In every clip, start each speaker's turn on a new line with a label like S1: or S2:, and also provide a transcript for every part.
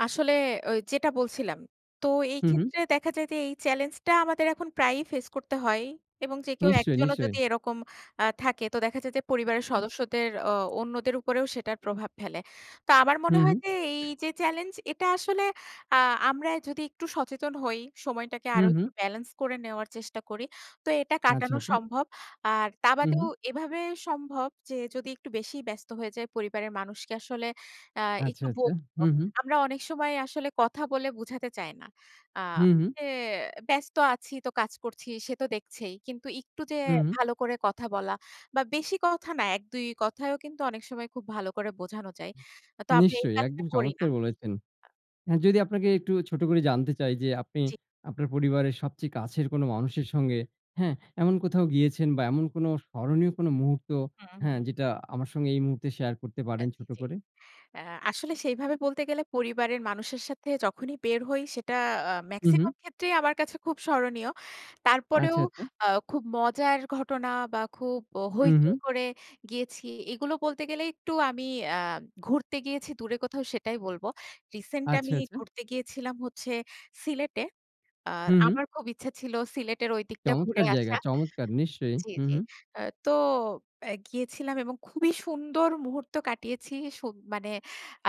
S1: আসলে ওই যেটা বলছিলাম, তো এই
S2: হু, হু।
S1: ক্ষেত্রে দেখা যায় যে এই চ্যালেঞ্জটা আমাদের এখন প্রায়ই ফেস করতে হয়। এবং যে কেউ
S2: নিশ্চয়ই,
S1: একজনও
S2: নিশ্চয়ই।
S1: যদি এরকম আ থাকে তো দেখা যায় যে, পরিবারের
S2: হুম।
S1: সদস্যদের অ অন্যদের উপরেও সেটার প্রভাব ফেলে। তো আমার
S2: হু,
S1: মনে
S2: হু।
S1: হয় যে এই যে চ্যালেঞ্জ, এটা আসলে আ আমরাই যদি একটু সচেতন হই, সময়টাকে
S2: হু,
S1: আরো একটু
S2: হু।
S1: ব্যালেন্স করে নেওয়ার চেষ্টা করি, তো এটা
S2: আচ্ছা,
S1: কাটানো
S2: আচ্ছা।
S1: সম্ভব। আর তা
S2: হু,
S1: বাদেও
S2: হু।
S1: এভাবে সম্ভব যে যদি একটু বেশিই ব্যস্ত হয়ে যাই পরিবারের মানুষকে আসলে অ্যা
S2: আচ্ছা,
S1: একটু
S2: আচ্ছা।
S1: বোধ। [unintelligible]
S2: হুম, হুম।
S1: আমরা অনেক সময় আসলে কথা বলে বুঝাতে চাই না। আ
S2: হু, হু।
S1: এ ব্যস্ত আছি, তো কাজ করছি ,সে তো দেখছেই। কিন্তু একটু যে
S2: হুম, হুম।
S1: ভালো করে কথা বলা বা বেশি কথা না, এক দুই কথায়ও কিন্তু অনেক সময় খুব ভালো করে বোঝানো যায়। তো আমি এই
S2: নিশ্চয়ই
S1: কাজটা
S2: একদম
S1: করি না।
S2: চমৎকার বলেছেন।
S1: আ
S2: যদি আপনাকে একটু ছোট করে জানতে চাই যে, আপনি
S1: জি।
S2: আপনার পরিবারের সবচেয়ে কাছের কোনো মানুষের সঙ্গে, হ্যাঁ, এমন কোথাও গিয়েছেন বা এমন কোনো স্মরণীয় কোন মুহূর্ত,
S1: হু,
S2: হ্যাঁ,
S1: হু।
S2: যেটা আমার সঙ্গে এই মুহূর্তে শেয়ার করতে
S1: আ
S2: পারেন
S1: জী,
S2: ছোট
S1: জী।
S2: করে?
S1: অ্যা আসলে সেইভাবে বলতে গেলে পরিবারের মানুষের সাথে যখনই বের হই, সেটা আ
S2: উহু।
S1: মেক্সিমাম ক্ষেত্রেই আমার কাছে খুব স্মরণীয়। তারপরেও
S2: আচ্ছা, আচ্ছা।
S1: আ খুব মজার ঘটনা বা খুব অ
S2: হু, হু।
S1: হৈচৈ করে গিয়েছি। এগুলো বলতে গেলে একটু আমি অ্যা ঘুরতে গিয়েছি দূরে কোথাও সেটাই বলবো। রিসেন্ট
S2: আচ্ছা,
S1: আমি
S2: আচ্ছা।
S1: ঘুরতে গিয়েছিলাম হচ্ছে সিলেটে। আ
S2: হু, হু।
S1: আমার খুব ইচ্ছে ছিল সিলেটের ঐদিকটা ঘুরে
S2: চমৎকার জায়গা!
S1: আসা।
S2: চমৎকার! নিশ্চয়ই।
S1: জি,
S2: হু,
S1: জি।
S2: হু।
S1: অ্যা তো অ্যা গিয়েছিলাম এবং খুবই সুন্দর মুহূর্ত কাটিয়েছি। সুব মানে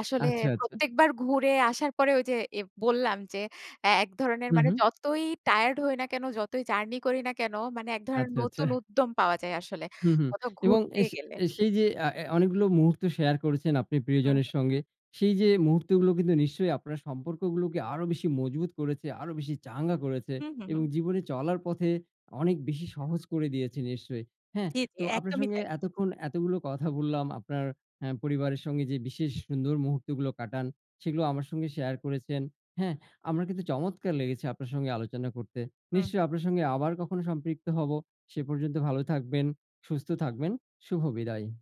S1: আসলে
S2: আচ্ছা, আচ্ছা।
S1: প্রত্যেকবার ঘুরে আসার পরে ওই যে এব বললাম যে এ এক ধরনের মানে
S2: উহু।
S1: যতই টায়ার্ড হই না কেন, যতই জার্নি করি না কেন মানে এক ধরন
S2: আচ্ছা, আচ্ছা।
S1: নতুন উদ্যম পাওয়া যায় আসলে
S2: হুম, হুম।
S1: কোথাও
S2: এবং
S1: ঘুরতে
S2: অ্যাশ
S1: গেলে।
S2: অ্যা সেই যে আ অ্যা অনেকগুলো মুহূর্ত শেয়ার করেছেন আপনি
S1: হু,
S2: প্রিয়জনের
S1: হু।
S2: সঙ্গে, সেই যে মুহূর্তগুলো কিন্তু নিশ্চয়ই আপনার সম্পর্কগুলোকে আরো বেশি মজবুত করেছে, আরো বেশি চাঙ্গা করেছে
S1: হু, হু,
S2: এবং
S1: হু।
S2: জীবনে চলার পথে অনেক বেশি সহজ করে দিয়েছে নিশ্চয়ই। হ্যাঁ,
S1: জ্বী, জ্বী।
S2: তো আপনার
S1: একদমই
S2: সঙ্গে
S1: তাই।
S2: এতক্ষণ এতগুলো কথা বললাম, আপনার অ্যা পরিবারের সঙ্গে যে বিশেষ সুন্দর মুহূর্তগুলো কাটান, সেগুলো আমার সঙ্গে শেয়ার করেছেন। হ্যাঁ, আমার কিন্তু চমৎকার লেগেছে আপনার সঙ্গে আলোচনা করতে।
S1: হু,
S2: নিশ্চয়
S1: হু।
S2: আপনার সঙ্গে আবার কখনো সম্পৃক্ত হব। সে পর্যন্ত ভালো থাকবেন, সুস্থ থাকবেন, শুভ বিদায়।